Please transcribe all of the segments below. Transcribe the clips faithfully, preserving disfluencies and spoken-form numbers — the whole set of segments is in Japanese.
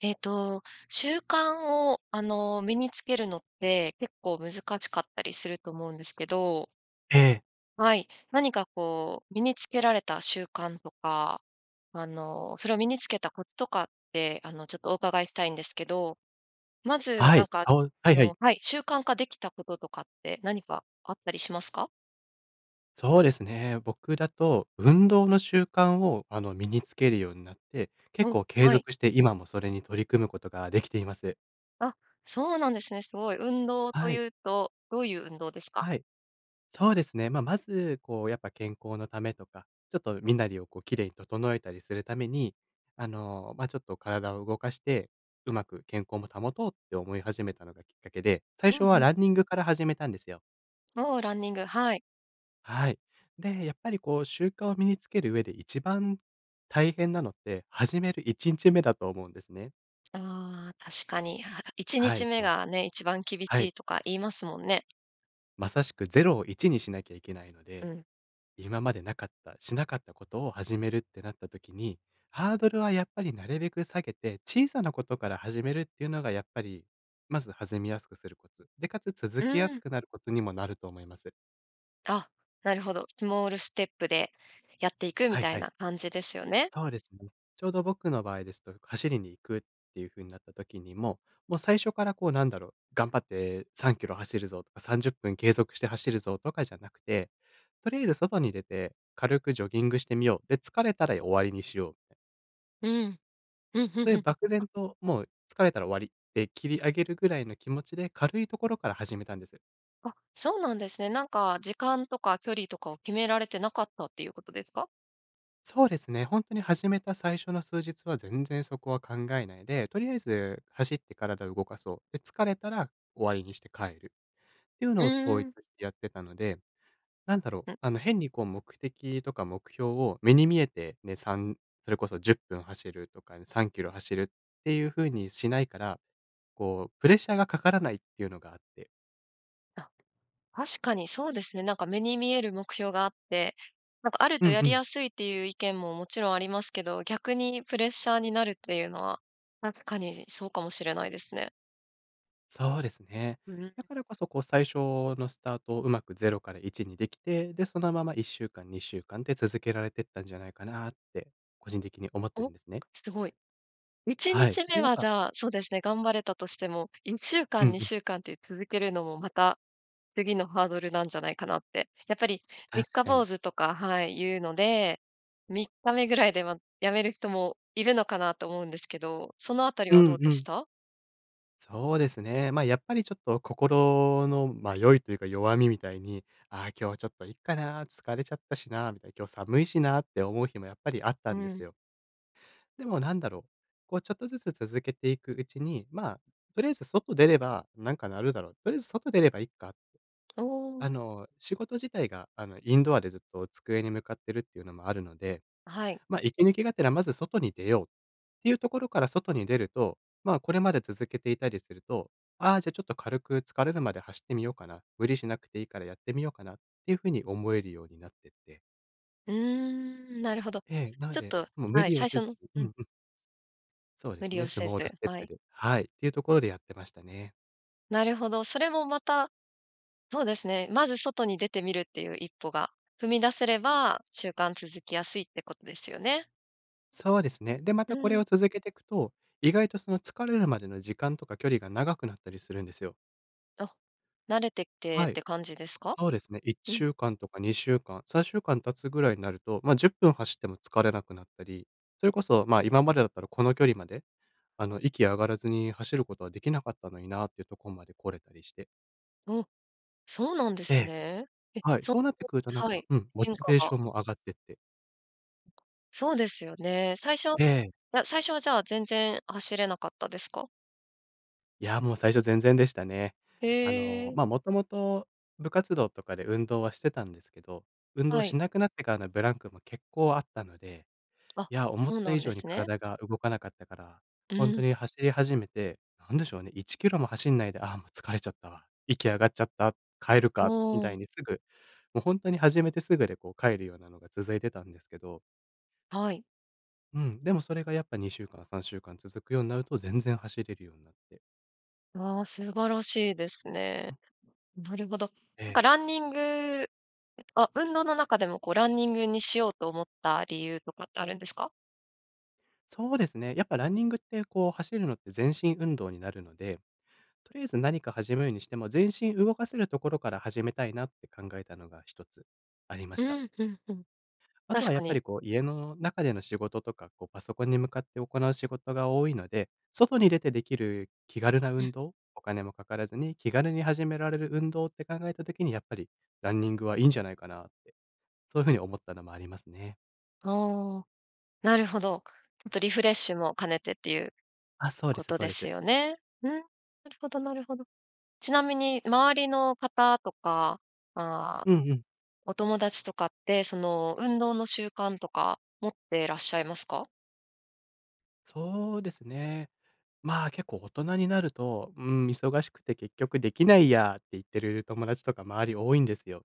えっと、習慣をあの、身に付けるのって、結構難しかったりすると思うんですけどええ。はい。何かこう、身に付けられた習慣とか、あの、それを身に付けたコツとかって、あの、ちょっとお伺いしたいんですけど。まず、はなんい、か、そうはあいはい。のはい。習慣化出来た事とかって何かあったりしますか？そうですね。僕だと、運動の習慣を、あの、身に付けるようになって、結おお、構継はい。続して今もそれに取り組むことができています。あ、そうなんですね、凄い。運動とはい。言うと、どういう運動ですか？はい。そうですね。まあ、まず、こう、やっぱ健康の為とか、ちょっと身なりを、こう、綺麗に整えたりするために、あの、まあ、ちょっと体を動かして、うまく健康も保とうって思い始めたのがきっかけで、最う初んはうん。ランニングから始めたんですよ。おお、ランニング、はい。はい。で、やっぱり、こう、習慣を身に付ける上で一番大変なのって、始めるいちんちめだと思うんですね。ああ、確かに、あ、いちにはちい、めこうがね、一番厳はしい。いとか言いますもんね。まさしくぜろをいちにしなきゃいけないのうで、ん。今までなかったしなかったことを始めるってなった時に、ハードルはやっぱりなるべく下げて小さなことから始めるっていうのが、やっぱりまず弾みやすくするコツ。で、かつ続うけやーすん。くなるコツにもなると思います。あ、なるほど。スモールステップでやっていくみはいたいはい。な感じですよね。そうですね。ちょうど僕の場合ですと、走りに行くっていう風になった時にも、もう最初からこう、なんだろう、「頑張ってさんキロ走るぞ」とか「さんじゅっぷん継続して走るぞ」とかじゃなくて、「とりあえず外に出て軽くジョギングしてみよう」で、「疲れたら終わりにしよう」うん。うん、ふんふんそういふうん。漠あ然と、もう、「疲れたら終わり」で切り上げるぐらいの気持ちで、軽いところから始めたんです。あ、そうなんですね。なんか、時間とか距離とかを決められてなかったっていうことですか？そうですね。ほんとに始めた最初の数日は全然そこは考えないで、とりあえず走って体を動かそう、で、疲れたら終わりにして帰るっていううのをー統一ん。してやってたので、なんだろう、ん。あの、変にこう目的とか目標を目に見えて、ね、さんそれこそじゅっぷん走るとか、さんキロ走るっていう風にしないから、こう、プレッシャーがかからないっていうのがあってあ、確かにそうですね、なんか目に見える目標があって、なんかあるうとんやうりん。やすいっていう意見ももちろんありますけど、逆にプレッシャーになるっていうのは、確かにそうかもしれないですね。そうですね。だからこそこう、最初のスタートをうまくぜろからいちにできて、で、そのままいっしゅうかん、にしゅうかんて続けられてったんじゃないかなって、個人的に思っているんお、ですね。すごい。いちにはい。ちで、めやっはじぱゃあ、そうですね、頑張れたとしてもいっしゅうかうん、んにうん。しゅうかんって続けるのも、また次のハードルなんじゃないかなって。やっぱり三確日かに。坊主とかはい、言うのでみっかめぐらいで、ま、やめる人もいるのかなと思うんですけど、そのあたりうはどんうでうしん。た？そうですね。ま、やっぱりちょっと、心の迷いというか弱みみたいに、「ああ、今日ちょっといっかな、疲れちゃったしな」みたいな「今日寒いしな」って思う日もやっぱりあっうたんですん。よ。でもなんだろう。こうちょっとずつ続けていくうちに、まあ、とりあえず外出ればなんかなるだろう、とりあえず外出ればいいかって。おお。あの、仕事自体が、あの、インドアでずっと机に向かっているっていうのもあるので、はい。ま、息抜きがてらまず外に出よう、っていうところから外に出ると、ま、これまで続けていたりすると、「ああ、じゃあちょっと軽く疲れるまで走ってみようかな」、「無理しなくていいからやってみようかな」っていう風に思えるようになってって。うーん、なるほど。ええ。なんちょっで、ともう無はい、理を最せ初ずのううんうん。ん。そうで無す理をね、スせモールず、ステッはプい。ではい。っていうところでやってましたね。なるほど、それもまたそうですね、まず外に出てみるっていう一歩が踏み出せれば、習慣続きやすいってことですよね。そうですね。で、まうたこれん。を続けてくと、意外とその、疲れるまでの時間とか距離が長くなったりするんですよ。あ、慣れてってっはい。て感じですか？そうですねいっうしん。ゅうかんとかにしゅうかんさんしゅうかん経つぐらいになると、ま、じゅっぷん走っても疲れなくなったり、それこそまあ、今までだったらこの距離まで、あの、息上がらずに走ることはできなかったのになあってとこまで来れたりしてお！そうなんでえすえ。ね。え！はい。そ、そうなってくるとなんはか、い、うん、モ変チ化ベーシが。ョンも上がってって。そうですよね。最初ええ。や、最初はじゃあ全然走れなかったですか？いやもう最初全然でしたね。へあの、え。まあ、もともと部活動とかで運動はしてたんですけど、運動はい。しなくなってからのブランクも結構あったので、あ、いや思っそうたな以んで上にすね。体が動かなかったから、うほんとん。に走り始めて、何でしょうね、いちキロも走んないで、「ああもう疲れちゃったわ、息上がっちゃった、帰るおか」みたいお。にすぐ、もうほんとに始めてすぐでこう帰るようなのが続いてたんですけどはい。うん。でもそれがやっぱ、にしゅうかん、さんしゅうかん続くようになると、全然走れるようになって。わあ、素晴らしいですね。うん。なるほど。えなんえ。かランニングあ、運動の中でもこう、ランニングにしようと思った理由とかって、あるんですか？そうですね。やっぱランニングって、こう走るのって全身運動になるので。とりあえず何か始めるにしても、全身動かせるところから始めたいなって考えたのが、一つありまうした。ん、うん、うん。あと確は、やかっぱに。りこう、家の中での仕事とか、こう、パソコンに向かって行う仕事が多いので。外に出てできる気軽なう運ん。動お金もかからずに気軽に始められる運動って考えた時に、やっぱりランニングはいいんじゃないかなって、そういう風に思ったのもありますね。はあ、なるほど。ちょっとリフレッシュも兼ねてっていうあ、そうでこすとそうでですす。よね。うん、なるほどなるほど。ちなみに、周りの方とか、ああうんうん。お友達とかって、その、運動の習慣とか持ってらっしゃいますか？そうですね。まあ、結構大人になると、「うーん、忙しくて結局できないや」って言ってる友達とか周り多いんですよ。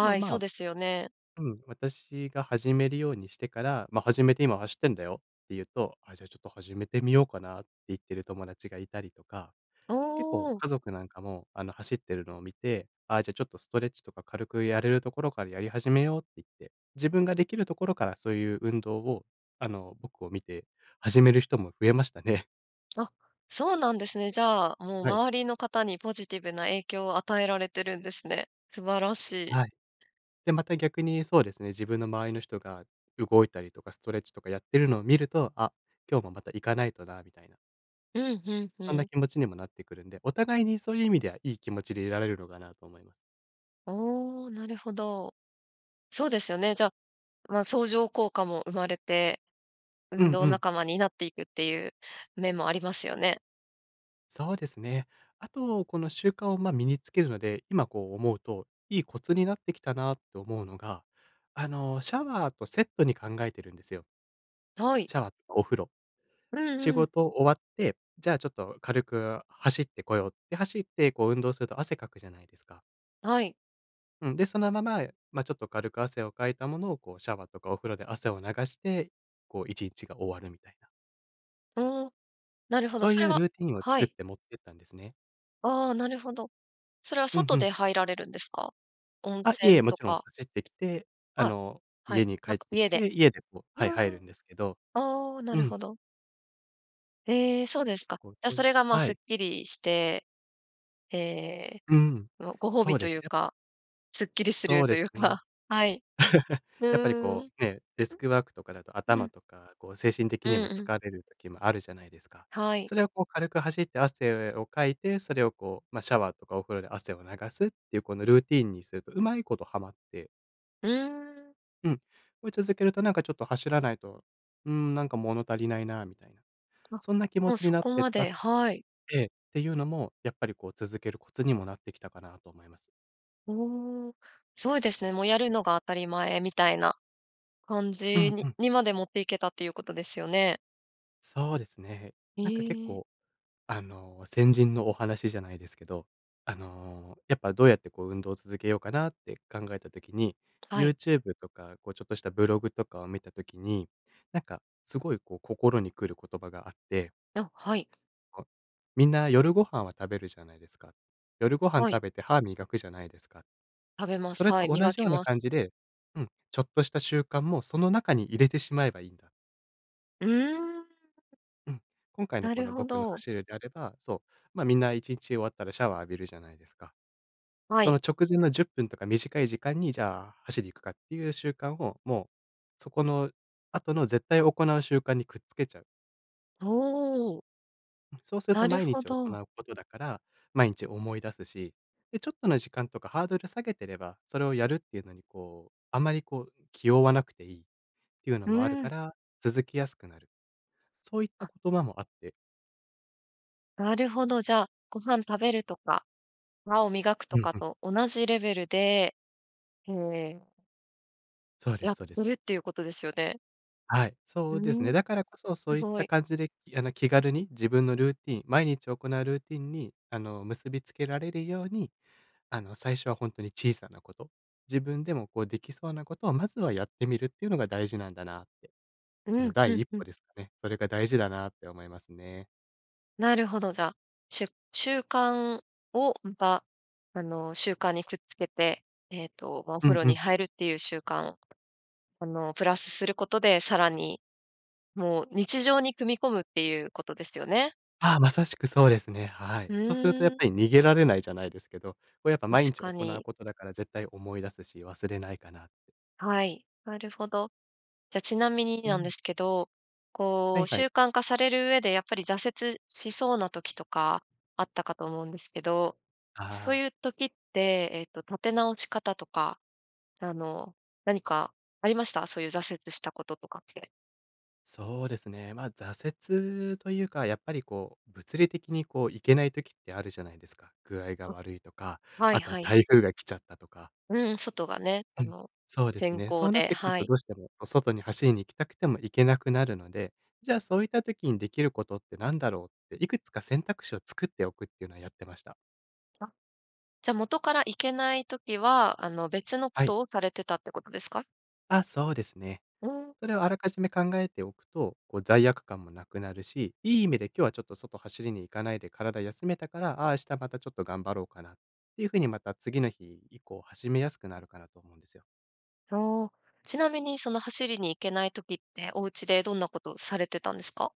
でもい、まそうあ、ですよね。うん、私が始めるようにしてから、ま、「始めて今走ってんだよ」って言うと、「あ、じゃちょっと始めてみようかな」って言ってる友達がいたりとか。お結構、お。家族なんかも、あの、走ってるのを見て、「あ、じゃちょっとストレッチとか、軽くやれるところからやり始めよう」って言って、自分ができるところからそういう運動を、あの、僕を見て始める人も増えましたね。あ、そうなんですね。じゃあ、もうはい。周りの方にポジティブな影響を与えられてるんですね。素晴らしい。はい。で、また逆にそうですね、自分の周りの人が動いたりとかストレッチとかやってるのを見ると、「あ、今日もまた行かないとな」みたいな。うん、ふん、ふそんなん。気持ちにもなってくるんで、お互いにそういう意味では、いい気持ちでいられるのかなと思います。おお、なるほど。そうですよね、じゃ、まあ、相乗効果も生まれて、う運ん動うん。仲間になっていくっていう面もありますよね。そうですね。あと、この習慣を、ま、身に付けるので、今、こう思うと、いいコツになってきたなと思うのが、あの、シャワーとセットに考えてるんですよ。はい。シャワーとお風呂。るん仕うん。事終わって、じゃあ、ちょっと軽く走ってこようって、走って、こう運動すると、汗かくじゃないですか。はい。うん。で、そのまま、ま、ちょっと軽く汗をかいたものを、こうシャワーとか、お風呂で汗を流して、こう一日が終わるみたいな。うん。なるほど。そうそいれうはルーティンをは作っい。てもってったんですね。ああ、なるほど。それはうん外うん。で入られるんですか？温あ、いいえ。泉と勿論か。走って来て、ああ、の、はい、家にな帰んっかてき家でて、家でこう、うはい、入んうるん。んですけど。ああ、なうるん。ほど。ええ、そうですか。こう、じゃ、そそいれが、まあ、はすっい。きりして、ええ、うん。もうご褒そ美うとでいすうね、やっぱか、すっきりすそるうとでいすうね。か。はい。うやっぱり、ーこん。うね、デスクワークとかだと、うん。う頭ん。とか、こう、精神的うにんもうん。疲れる時もあるじゃないですか。はい。それを、こう、軽く走って汗をかいて、それを、こう、まあ、シャワーとかお風呂で汗を流すっていう、このルーティンにすると、上手いことはまって。うーん。うん、これ続けるとなんかちょっと走らないと、うーん、なんか物足りないなあみたいな、あ、そんな気持もうちにそなっこてっまたではい。ええ。っていうのも、やっぱりこう続けるコツにもなってきたかなと思います。おお。そうですね、もうやるのが当たり前みたいな感うじんにうん。にまで持っていけたっていうことですよね。そうですね。へなんか結え。構、あの、先人のお話じゃないですけど、あの、やっぱどうやってこう運動を続けようかなって考えた時に、はい。YouTube とかこうちょっとしたブログとかを見た時に、なんかすごいこう、心に来る言葉があってあ、はい。みんな夜ご飯は食べるじゃないですか。夜ご飯はい。食べて歯磨くじゃないですか。食べます、それはとい、同磨じよきうなます。感じでうん、ちょっとした習慣もその中に入れてしまえばいいんだ。うーん。うん。今回のなこるの、ほ僕のど。走るであれば、そう、ま、みんないちんち終わったらシャワー浴びるじゃないですか。はそい。の直前のじゅっぷんとか短い時間に、じゃあ走り行くかっていう習慣を、もう、そこの後の絶対行う習慣にくっつけちゃう。ほう。うん、そうするなとる毎ほ日行ど。うことだから、毎日思い出すし。で、ちょっとの時間とかハードル下げてれば、それをやるっていうのにこう、あまりこう気負わなくていいっていうのうもあるかん。ら、続きやすくなる。そういったあ。言葉もあって。なるほど、じゃ、ご飯食べるとか、歯を磨くとうんかうん。と同じレベルで、へえ。そうでやす、っそうでてす。るっていうことですよね。はい、うそうですーね。ん、だからこそ、そすういっごたい。感じで、あの、気軽に自分のルーティン毎日行うルーティンにあの、結びつけられるように、あの、最初は本当に小さなこと、自分でもこうできそうなことをまずはやってみるっていうのが大事なんだなって。うそん、のふ第ん一ふん。歩ですかね。それが大事だなって思いますね。なるほど、じゃ、しゅ習慣をまたあの習慣にくっつけて、えっとま、おう風ん呂うにん。入るっていう習慣、あのプラスすることでさらにもう日常に組み込むっていうことですよね。ああ、まさしくそうですね。はい。うそうするとやっん。ぱり逃げられないじゃないですけど、こうやっぱ毎確日か行うに。ことだから絶対思い出すし、忘れないかなって。はい、なるほど。じゃ、ちなみにうなんでん。すけど、はこいうはい。習慣化される上でやっぱり挫折しそうな時とかあったかと思うんですけど、あそうあ。いう時って、えっと、立て直し方とか、あの、何かありました？そういう挫折したこととかって。そうですね。ま、挫折というか、やっぱりこう物理的にこう行けない時ってあるじゃないですか。具合があ、悪いとか、はいあとははい。台風が来ちゃったとか。うん、外がね、あうん。の、そうです天ね。そ候うなっで、てくるはとい。どうしてもこう外に走りに行きたくても行けなくなるので、じゃあ、そういった時にできることって何だろう？って、いくつか選択肢を作っておくっていうのはやってました。あ、じゃ、元から行けない時は、あの、別のこはい。とをされてたってことですか？あ、そうですね。うーん。それをあらかじめ考えておくと、こう、罪悪感もなくなるし、いい意味で今日はちょっと外走りに行かないで体休めたから、ああ、明日またちょっと頑張ろうかなっていう風にまた次の日以降始めやすくなるかなと思うんですよ。そう。ちなみにその、走りに行けない時って、おうちでどんなことされてたんですか？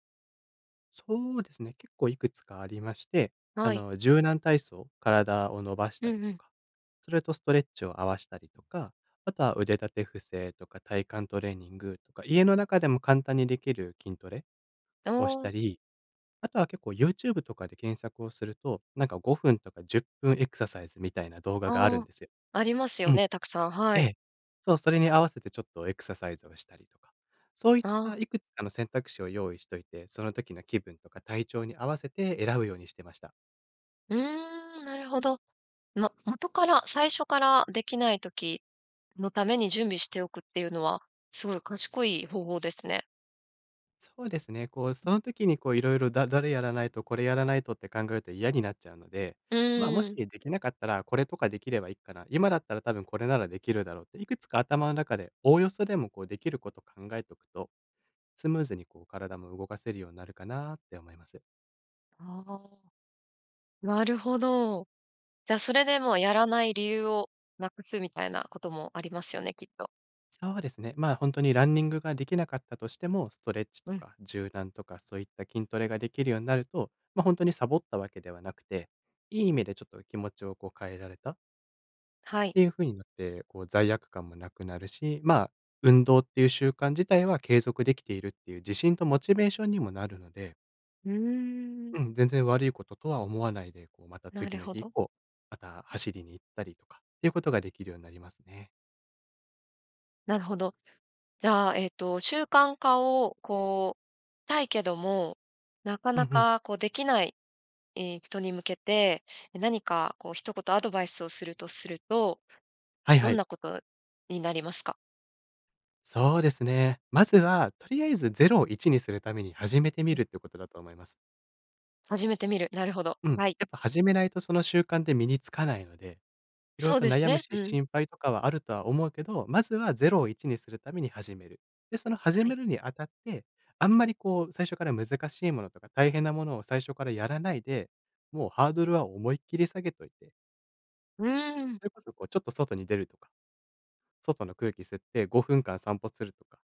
そうですね、結構いくつかありまして。あはい。の、柔軟体操、体を伸ばしうたりんうとん。か、それとストレッチを合わしたりとか、あとは腕立て伏せとか体幹トレーニングとか、家の中でも簡単にできる筋トレあをしたあ。り。あとは結構 Youtube とかで検索をすると、なんかごふんとかじゅっぷんエクササイズみたいな動画があるあんあ、ですよ。ありますようん。ね、たくさん、はえい。え。そう、それに合わせてちょっとエクササイズをしたりとか。そういっあたあ。いくつかの選択肢を用意しといて、その時の気分とか体調に合わせて選ぶようにしてました。うーん、なるほど。も元から、最初から、出来ない時のために準備しておくっていうのは、すごい賢い方法ですね。そうですね。こう、その時にこう、色々だ誰やらないとこれやらないとって考えて嫌になっちゃうのでう「ま、もーしん。出来なかったら、これとか出来ればいっかな」「今だったら多分これならできるだろう」って、いくつか頭の中で、おおよそでもこう、出来ること考えとくと、スムーズにこう、体も動かせるようになるかなって思います。ああ、なるほど。じゃ、それでもう、やらない理由を無くすみたいなこともありますよね、きっと。そうですね。まあ、ほんとにランニングが出来なかったとしても、ストレッチとうん。か柔軟とか、そういった筋トレが出来るようになると、ま、ほんとにサボったわけではなくて、いい意味でちょっと気持ちをこう変えられたはっい。ていう風になって、こう罪悪感も無くなるし、まあ、運動っていう習慣自体は継続出来ているっていう自信とモチベーションにもなるので。うーん。うん、全然悪いこととは思わないで、こうまたな次るのほ日以ど。降、また走りに行ったりとかっていうことが出来るようになりますね。なるほど。じゃあえっと、習慣化をこう、たいけども、なかうんなうん。かこう出来ない、ええ、人に向けて、何かこう一言アドバイスをするとすると、はいどはんい。なことになりますか？そうですね。まずは、とりあえずぜろをいちにするために、始めてみうん。るってことだと思います。始めてみる。なるほど、うん。やはい。っぱ始めないとその習慣って、身に付かないので、色々そうとです悩むね。しうん。心配とかはあるとは思うけど、まずはぜろをいちにするために始める。で、その始はい。めるにあたって、あんまりこう最初から難しいものとか、大変なものを最初からやらないで、もうハードルは思いっきり下げてといてうん。それこそこう、ちょっと外に出るとか。外の空気吸ってごふんかん散歩するとか、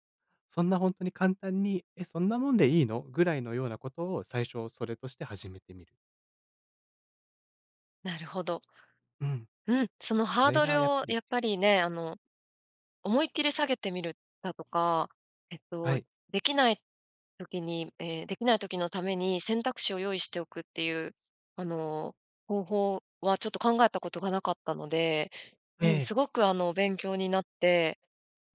そんなほんとに簡単に、「え、そんなもんでいいの？」ぐらいのようなことを最初それとして始めてみる。なるほど。うん。うん、そのそハーれドがルやっをぱりやっぱりね、あの、思いっきり下げてみるだとか、えっはとい。できない時にええ、できない時のために選択肢を用意しておくっていう、あの、方法はちょっと考えたことがなかったので、えうん、え。すごくあの勉強になって、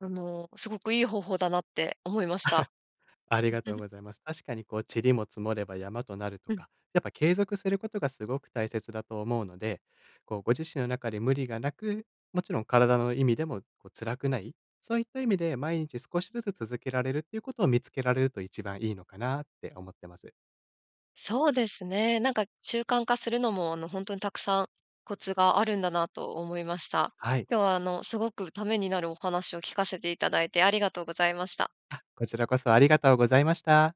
あの、すごくいい方法だなって思いまあ、した。ありがとう ございます。確かにこう、塵も積もれば山となるとうん。かやっぱ継続することがすごく大切だと思うので、こう、ご自身の中で無理がなく、もちろん体の意味でも、こう、辛くない、そういった意味で毎日少しずつ続けられるっていうことを見つけられると一番いいのかなって思ってます。そうですね、なんか習慣化するのもあの、ほんとにたくさんコツがあるんだなと思いました。はい。今日はあの、すごくためになるお話を聞かせていただいてありがとうございました。あ、こちらこそありがとうございました。